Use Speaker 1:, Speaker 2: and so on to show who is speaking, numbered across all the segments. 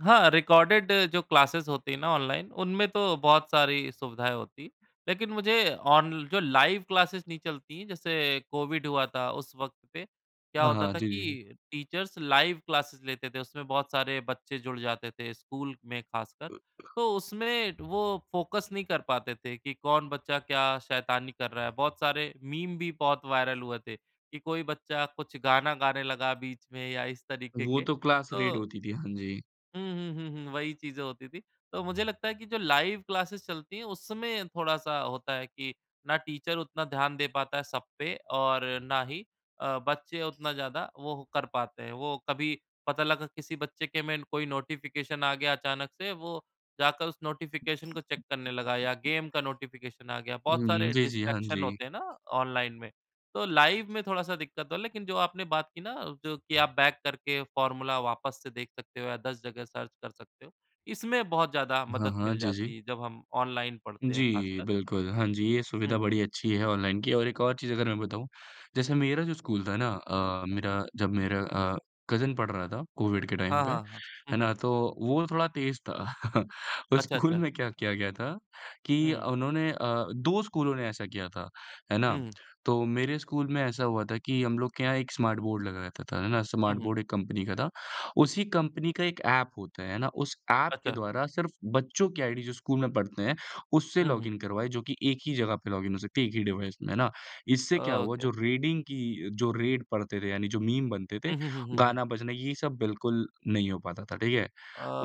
Speaker 1: हाँ, रिकॉर्डेड जो क्लासेस होती है ना, ऑनलाइन उनमें तो बहुत सारी सुविधाएँ होती हैं। लेकिन मुझे ऑन जो लाइव क्लास नहीं चलती, जैसे कोविड हुआ था उस वक़्त पे क्या
Speaker 2: हाँ,
Speaker 1: होता
Speaker 2: हाँ।
Speaker 1: था
Speaker 2: जी, जी।
Speaker 1: कि टीचर्स लाइव क्लासेस लेते थे। उसमें बहुत सारे बच्चे जुड़ जाते थे स्कूल में खासकर, तो उसमें वो फोकस नहीं कर पाते थे कि कौन बच्चा क्या शैतानी कर रहा है? बहुत सारे मीम भी बहुत वायरल हुए थे, कि कोई बच्चा कुछ गाना गाने लगा बीच में या इस तरीके
Speaker 2: वो
Speaker 1: के
Speaker 2: तो क्लास रेड
Speaker 1: तो
Speaker 2: होती थी, हाँ जी।
Speaker 1: हुँ, हुँ, हुँ, हुँ वही चीज़ें होती थीं, तो मुझे लगता है कि जो लाइव क्लासेस चलती हैं, उसमें थोड़ा-सा होता है कि ना टीचर उतना ध्यान दे पाता है सब पे और ना ही अ, बच्चे उतना ज़्यादा वो कर पाते हैं। वो कभी पता लगा किसी बच्चे के में कोई नोटिफिकेशन आ गया अचानक से वो जाकर उस नोटिफिकेशन को चेक करने लगा या गेम का नोटिफिकेशन आ गया,
Speaker 2: हुँ,
Speaker 1: बहुत
Speaker 2: हुँ,
Speaker 1: सारे
Speaker 2: जी, जी, हाँ
Speaker 1: डिस्ट्रैक्शन
Speaker 2: जी।
Speaker 1: होते हैं ना ऑनलाइन में। तो लाइव में थोड़ा-सा दिक्कत तो है, लेकिन जो आपने बात की ना कि जो कि आप बैक करके फॉर्मूला वापस से देख सकते हो या 10 जगह सर्च कर सकते हो। इसमें बहुत ज़्यादा
Speaker 2: हाँ,
Speaker 1: मदद
Speaker 2: हाँ,
Speaker 1: मिल
Speaker 2: जी, जी।
Speaker 1: जाती है जब हम ऑनलाइन पढ़ते हैं
Speaker 2: जी,
Speaker 1: खासकर।
Speaker 2: बिल्कुल, हाँ जी, ये
Speaker 1: हुँ,
Speaker 2: सुविधा
Speaker 1: हुँ।
Speaker 2: बड़ी अच्छी है ऑनलाइन की और एक और चीज़ अगर मैं बताऊँ जैसे मेरा जो स्कूल था ना अ, मेरा जब मेरा अ, कजिन पढ़ रहा था कोविड के टाइम
Speaker 1: हाँ,
Speaker 2: पे
Speaker 1: हाँ, हाँ। हुँ,
Speaker 2: है
Speaker 1: हुँ।
Speaker 2: ना, तो वो थोड़ा तेज़ था। उस
Speaker 1: अच्छा,
Speaker 2: स्कूल
Speaker 1: अच्छा।
Speaker 2: में क्या किया गया था
Speaker 1: हुँ,
Speaker 2: कि
Speaker 1: हुँ।
Speaker 2: उन्होंने अ, 2 स्कूलों ने ऐसा किया था, है
Speaker 1: हुँ,
Speaker 2: ना?
Speaker 1: हुँ।
Speaker 2: तो मेरे स्कूल में ऐसा हुआ था कि हम लोग के यहाँ एक स्मार्ट बोर्ड लगा रहता था, है ना,
Speaker 1: हुँ,
Speaker 2: स्मार्ट
Speaker 1: हुँ।
Speaker 2: बोर्ड एक कंपनी का था। उसी कंपनी का एक ऐप होता है, है ना, उस ऐप के
Speaker 1: अच्छा।
Speaker 2: द्वारा सिर्फ बच्चों की आईडी जो स्कूल में पढ़ते हैं, उससे
Speaker 1: हुँ, हुँ।
Speaker 2: लॉगिन करवाए जो कि एक ही जगह पे लॉगिन हो सकती है, एक ही डिवाइस में, है ना? इससे क्या हुआ
Speaker 1: ओके।
Speaker 2: जो रेडिंग की जो रेड पढ़ते थे, यानी जो मीम बनते थे,
Speaker 1: हुँ, हुँ, हुँ, हुँ, हुँ।
Speaker 2: गाना बजना, ये सब बिल्कुल नहीं हो पाता था, ठीक है?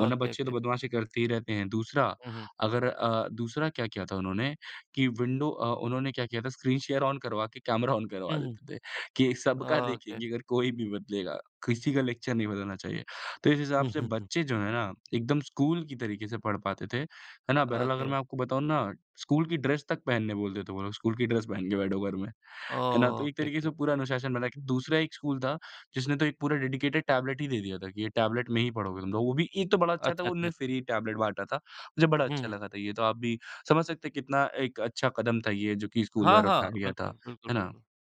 Speaker 2: वरना बच्चे तो
Speaker 1: ओके।
Speaker 2: बदमाशी करते ही रहते हैं, दूसरा,
Speaker 1: हुँ, हुँ।
Speaker 2: अगर अ, दूसरा क्या किया था उन्होंने कि विंडो अ, उन्होंने क्या किया था, स्क्रीन शेयर ऑन करवा के कैमरा ऑन करवा
Speaker 1: हुँ, हुँ।
Speaker 2: देते थे कि सबका
Speaker 1: ओके।
Speaker 2: देखेंगे, अगर कोई भी बदलेगा, किसी का लेक्चर नहीं बदलना चाहिए। तो इस हिसाब
Speaker 1: हुँ,
Speaker 2: से
Speaker 1: हुँ, हुँ।
Speaker 2: बच्चे जो हैं ना, एकदम स्कूल की तरीके से पढ़ पाते थे। है ना? बहरहाल अगर
Speaker 1: ओके।
Speaker 2: मैं आपको बताऊँ ना, स्कूल की ड्रेस तक पहनने बोलते थे वो लोग, स्कूल की ड्रेस पहन के बैठो घर में है ना? तो
Speaker 1: ओ,
Speaker 2: एक तरीके से
Speaker 1: के-के।
Speaker 2: पूरा अनुशासन बना। दूसरा एक स्कूल था, जिसने तो एक पूरा डेडिकेटेड टैबलेट ही दे दिया था कि ये टैबलेट में ही पढ़ोगे तुम लोग। वो भी एक तो बड़ा अच्छा था
Speaker 1: अच्छा,
Speaker 2: वो
Speaker 1: जी,
Speaker 2: उन्होंने
Speaker 1: अच्छा।
Speaker 2: फ्री ही टैबलेट बाँटा था मुझे बड़ा
Speaker 1: हुँ,
Speaker 2: अच्छा
Speaker 1: हुँ।
Speaker 2: लगा था ये तो आप भी समझ सकते हैं कि कितना एक अच्छा कदम था, ये जो कि स्कूल
Speaker 1: हाँ,
Speaker 2: द्वारा
Speaker 1: हाँ,
Speaker 2: उठाया लिया था।
Speaker 1: बिल्कुल, बिल्कुल,
Speaker 2: है ना?
Speaker 1: बिल्कुल।